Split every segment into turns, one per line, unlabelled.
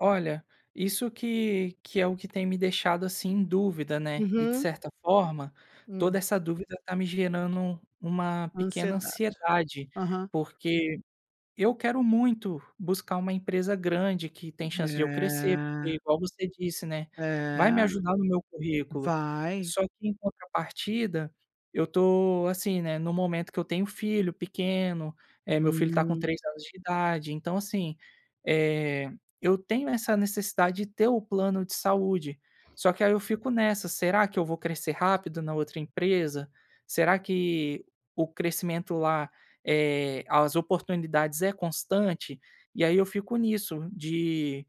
Olha, isso que que é o que tem me deixado assim em dúvida, né, e de
Uhum.
certa forma, toda
Hum.
essa dúvida tá me gerando uma pequena
Ansiedade.
ansiedade.
Aham.
Porque eu quero muito buscar uma empresa grande que tem chance de eu crescer, porque
É.
igual você disse, né, vai me
É.
ajudar no meu currículo.
Vai.
Só que em contrapartida, eu tô, assim, né, no momento que eu tenho filho pequeno, é meu filho tá com
Hum.
3 anos de idade. Então, assim, eh, eu tenho essa necessidade de ter o plano de saúde, só que aí eu fico nessa: "Será que eu vou crescer rápido na outra empresa? Será que o crescimento lá, eh, as oportunidades é constante?" E aí, eu fico nisso de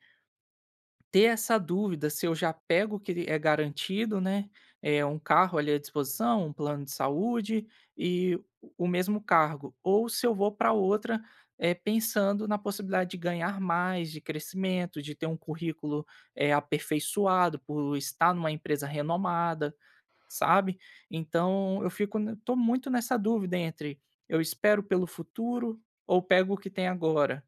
ter essa dúvida se eu já pego o que l é garantido, né, eh, 1 carro ali à disposição, um plano de saúde e o o mesmo cargo. Ou se eu vou pra outra, eh, pensando na possibilidade de ganhar mais, de crescimento, de ter um currículo aperfeiçoado por estar numa empresa renomada, sabe. Então, eu fico n ainda tô muito nessa dúvida entre: eu espero pelo futuro ou pego o que tem agora?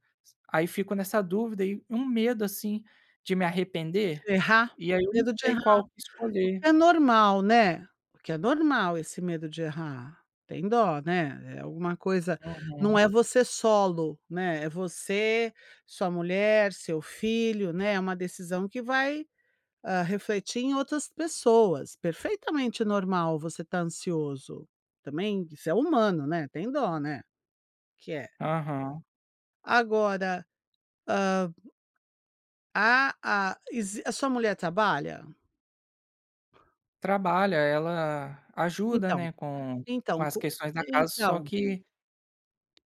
Aí fico nessa dúvida, e um medo, assim, de me arrepender.
De errar.
E aí, eu não
Medo de
sei
errar.
qual que
O
escolher.
que é normal, né. Porque é normal esse medo de errar, tem dó, né. É alguma coisa não
Uhum.
é você solo, né, é você, sua mulher, seu filho, né, é uma decisão que vai, hã, refletir em outras pessoas. Perfeitamente normal você tá ansioso também, você é humano, né, tem dó, né, que é.
Aham.
Agora, hã Há a exi a sua mulher trabalha?
Trabalha. Ela ajuda,
Então
né, com com
então
as
co
questões da
e
casa, só
então
que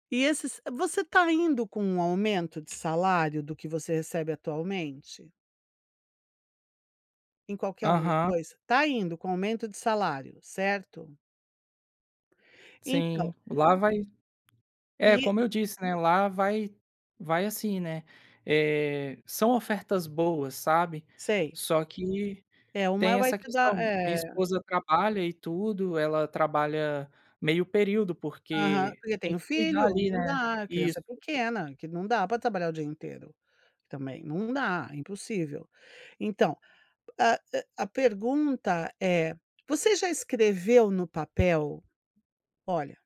E esses você tá indo com um aumento de salário do que você recebe atualmente? Em qualquer um dos
Aham.
dois tá indo com aumento de salário, certo? Então
Sim, lá vai
E
É,como eu disse, né, lá vai vai assim, né, eh, são ofertas boas, sabe.
Sei.
Só que
É
tem
uma vai
essa
te
questão,
dar
mi minha
É.
esposa trabalha e tudo. Ela trabalha meio período,
Aham.
porque
Porque
tem
tem o
que cuidar
filho.
ali, né.
Não dá, a criança é
Isso.
pequena, que não dá pra trabalhar o dia inteiro, também, não dá, impossível. Então, a hã, a pergunta é: você já escreveu no papel? Olha